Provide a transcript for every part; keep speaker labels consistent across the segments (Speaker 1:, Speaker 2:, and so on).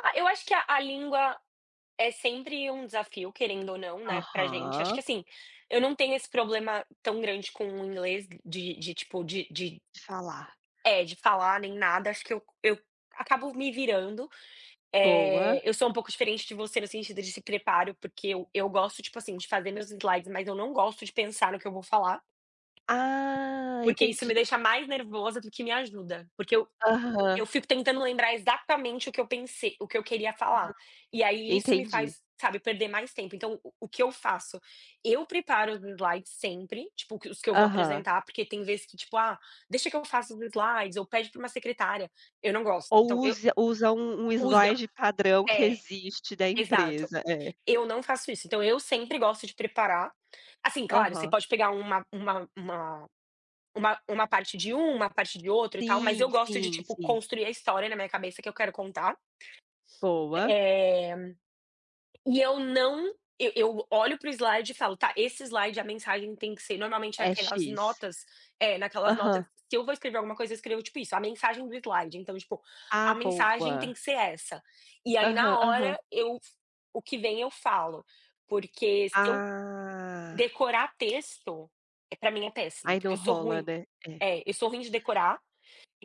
Speaker 1: Ah, eu acho que a a língua é sempre um desafio querendo ou não, né, para gente, acho
Speaker 2: Aham.
Speaker 1: que assim, eu não tenho esse problema tão grande com o inglês de de tipo de de,
Speaker 2: Falar.
Speaker 1: eh, de falar nem nada, acho que eu eu acabo me virando.
Speaker 2: Boa.
Speaker 1: Eh, eu sou um pouco diferente de você no sentido de se preparo, porque eu eu gosto tipo assim de fazer meus slides mas eu não gosto de pensar no que eu vou falar.
Speaker 2: Ah,
Speaker 1: Porque isso
Speaker 2: entendi.
Speaker 1: me deixa mais nervosa do que me ajuda. Porque eu
Speaker 2: Aham.
Speaker 1: eu fico tentando lembrar exatamente o que eu pensei o que eu queria
Speaker 2: Uhum.
Speaker 1: falar. E aí isso me
Speaker 2: Entendi.
Speaker 1: faz, sabe, perder mais tempo então o que eu faço? Eu preparo os slides sempre, tipo que os que eu vou
Speaker 2: Aham.
Speaker 1: apresentar, porque tem vezes que tipo: "Ah, deixa que eu faça os slides, ou pede para uma secretária", eu não gosto. Então
Speaker 2: Ou
Speaker 1: eu, quando
Speaker 2: usa usa um um
Speaker 1: você usa,
Speaker 2: slide padrão que
Speaker 1: é,
Speaker 2: existe da
Speaker 1: exato.
Speaker 2: empresa, é.
Speaker 1: Eu não faço isso, então eu sempre gosto de preparar. Assim claro, você
Speaker 2: Aham.
Speaker 1: pode pegar uma uma uma uma uma parte de um, uma parte de outro e tal mas
Speaker 2: Sim,
Speaker 1: eu gosto de
Speaker 2: sim,
Speaker 1: tipo
Speaker 2: sim.
Speaker 1: construir a história na minha cabeça que eu quero contar.
Speaker 2: Boa.
Speaker 1: Eh, e eu não, eu eu olho para o slide e falo: "Tá", esse slide a mensagem tem que ser normalmente
Speaker 2: É
Speaker 1: aquelas
Speaker 2: "X".
Speaker 1: notas, eh naquelas notas,
Speaker 2: Aham.
Speaker 1: se eu vou escrever alguma coisa eu escrevo tipo isso, a mensagem do slide então tipo, a
Speaker 2: Ah,
Speaker 1: mensagem tem
Speaker 2: boa.
Speaker 1: que ser essa. E aí
Speaker 2: Aham,
Speaker 1: na
Speaker 2: aham.
Speaker 1: hora eu f o que vem eu falo, porque se eu
Speaker 2: Ah.
Speaker 1: decorar texto, para mim é péssimo,
Speaker 2: Aí
Speaker 1: porque
Speaker 2: não
Speaker 1: eu sou
Speaker 2: rola,
Speaker 1: ruim,
Speaker 2: né, é.
Speaker 1: é, eu sou ruim de decorar,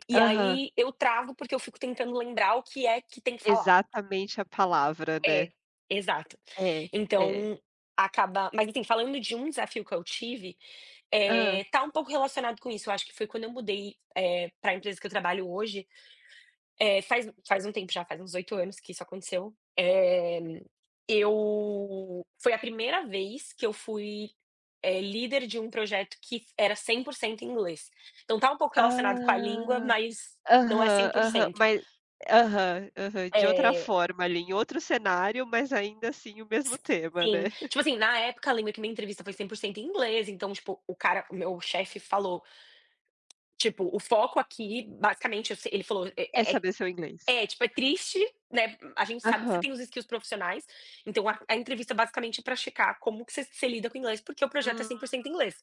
Speaker 1: e
Speaker 2: Aham.
Speaker 1: aí eu travo, porque eu fico tentando lembrar o que é que tem que falar.
Speaker 2: Exatamente a palavra,
Speaker 1: É,
Speaker 2: né.
Speaker 1: exato.
Speaker 2: É, é.
Speaker 1: Então, acaba mas assim falando de um desafio que eu tive,
Speaker 2: Hã.
Speaker 1: eh, tá um pouco relacionado com isso, acho que foi quando eu mudei, eh, para empresa que eu trabalho hoje, eh, faz um faz um tempo já, faz uns 8 anos que isso aconteceu. Eh, eu foi a 1º vez que eu fui, eh, líder de um projeto que era 100% em inglês. Então está um pouco relacionado com a língua,
Speaker 2: Ah,
Speaker 1: mas não é cem
Speaker 2: aham,
Speaker 1: por
Speaker 2: aham
Speaker 1: cento.
Speaker 2: mas, aham, aham de outra
Speaker 1: É
Speaker 2: forma ali em outro cenário mas ainda assim o mesmo
Speaker 1: S
Speaker 2: tema, né.
Speaker 1: sim. Tipo assim, na época eu lembro que minha entrevista foi 100% em inglês então tipo, o cara, o meu chefe falou. Tipo, o foco aqui basicamente eu sei ele falou,
Speaker 2: É
Speaker 1: é
Speaker 2: saber seu inglês.
Speaker 1: é, tipo é triste, né, a gente sabe que você
Speaker 2: Aham.
Speaker 1: tem os skills profissionais, então a a entrevista basicamente é para checar como que você você lida com o inglês porque o projeto é
Speaker 2: Hum.
Speaker 1: 100% inglês.